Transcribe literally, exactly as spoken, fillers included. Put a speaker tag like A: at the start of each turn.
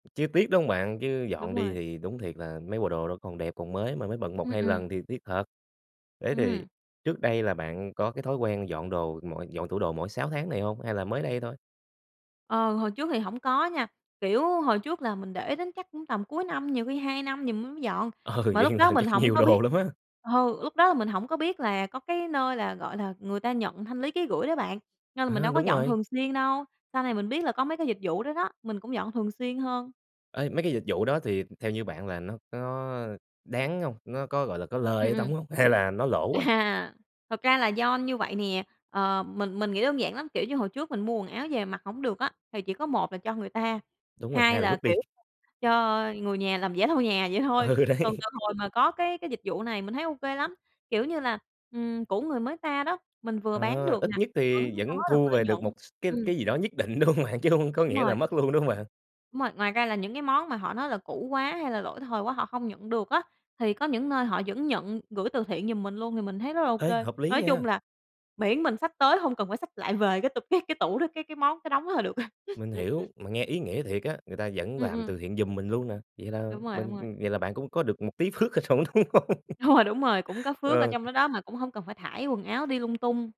A: Chứ tiếc đúng hông bạn? Chứ
B: Đúng
A: dọn đi
B: rồi.
A: thì đúng thiệt là mấy bộ đồ nó còn đẹp còn mới mà mới bận một
B: Ừm,
A: hai
B: ừm.
A: lần thì tiếc thật. Thế thì
B: Ừm.
A: trước đây là bạn có cái thói quen dọn đồ mọi dọn tủ đồ mỗi sáu tháng này hông? Hay là mới đây thôi?
B: Ờ, hồi trước thì hổng có nha, kiểu, hồi trước là mình để đến chắc cũng tầm cuối năm, nhiều khi hai năm gì m mới dọn,
A: Ừ,
B: mà
A: vậy
B: lúc
A: một
B: đó
A: lần
B: mình
A: chắc
B: hổng
A: nhiều
B: có biết
A: đồ lắm á.
B: ờ, lúc đó là mình hổng có biết là có cái nơi là, gọi là, người ta nhận thanh lý ký gửi đó bạn, nên là mình
A: À,
B: đâu có
A: đúng
B: dọn
A: rồi.
B: thường xuyên đâu. Sau này mình biết là có mấy cái dịch vụ đó đó, mình cũng dọn thường xuyên hơn.
A: Ê, mấy cái dịch vụ đó thì theo như bạn là nó có đáng hông? Nó có, gọi là, có lời
B: Ừm,
A: ở
B: ừm.
A: trỏng hông? Hay là nó lỗ á?
B: À, thật ra là do như vậy nè, ờ, mình mình nghĩ đơn giản lắm, kiểu như, hồi trước mình mua quần áo về mặc hông được á thì chỉ có một là cho người ta,
A: Đúng rồi,
B: hai
A: hai là
B: là,
A: vứt đi.
B: kiểu, cho người nhà làm giẻ lau nhà vậy thôi.
A: Ừ, đấy.
B: Còn từ hồi mà có cái cái dịch vụ này mình thấy ô kê lắm, kiểu như là, ừm, cũ người mới ta đó, mình vừa bán
A: Ờ,
B: được
A: ít
B: nè,
A: nhất
B: vẫn
A: thì
B: có
A: vẫn
B: được
A: thu
B: lợi
A: về
B: nhuận.
A: được một s cái
B: Ừm.
A: cái gì đó nhất định, đúng hông bạn? Chứ hông có
B: Đúng
A: nghĩa
B: rồi.
A: là mất luôn, đúng hông bạn?
B: Đúng rồi, ngoài ra là những cái món mà họ nói là cũ quá hay là lỗi thời quá họ không nhận được á, thì có những nơi họ vẫn nhận gửi từ thiện giùm mình luôn thì mình thấy rất là ô
A: Ê,
B: kê.
A: hợp lý
B: Nói chung
A: nha!
B: là miễn mình xách tới hông cần phải xách lại về cái t cái cái tủ đó cái cái món, cái đống đó là được.
A: Mình hiểu, mà nghe ý nghĩa thiệt á, người ta vẫn
B: Ừm,
A: làm
B: ừm.
A: từ thiện giùm mình luôn nè, vậy là
B: Đúng rồi, đúng
A: mình
B: rồi.
A: vậy là bạn cũng có được một tí phước ở trỏng đúng hông? Ờ.
B: Đúng rồi, đúng rồi, cũng có phước ở
A: Ờ.
B: trong đó đó mà cũng hông cần phải thải quần áo đi lung tung.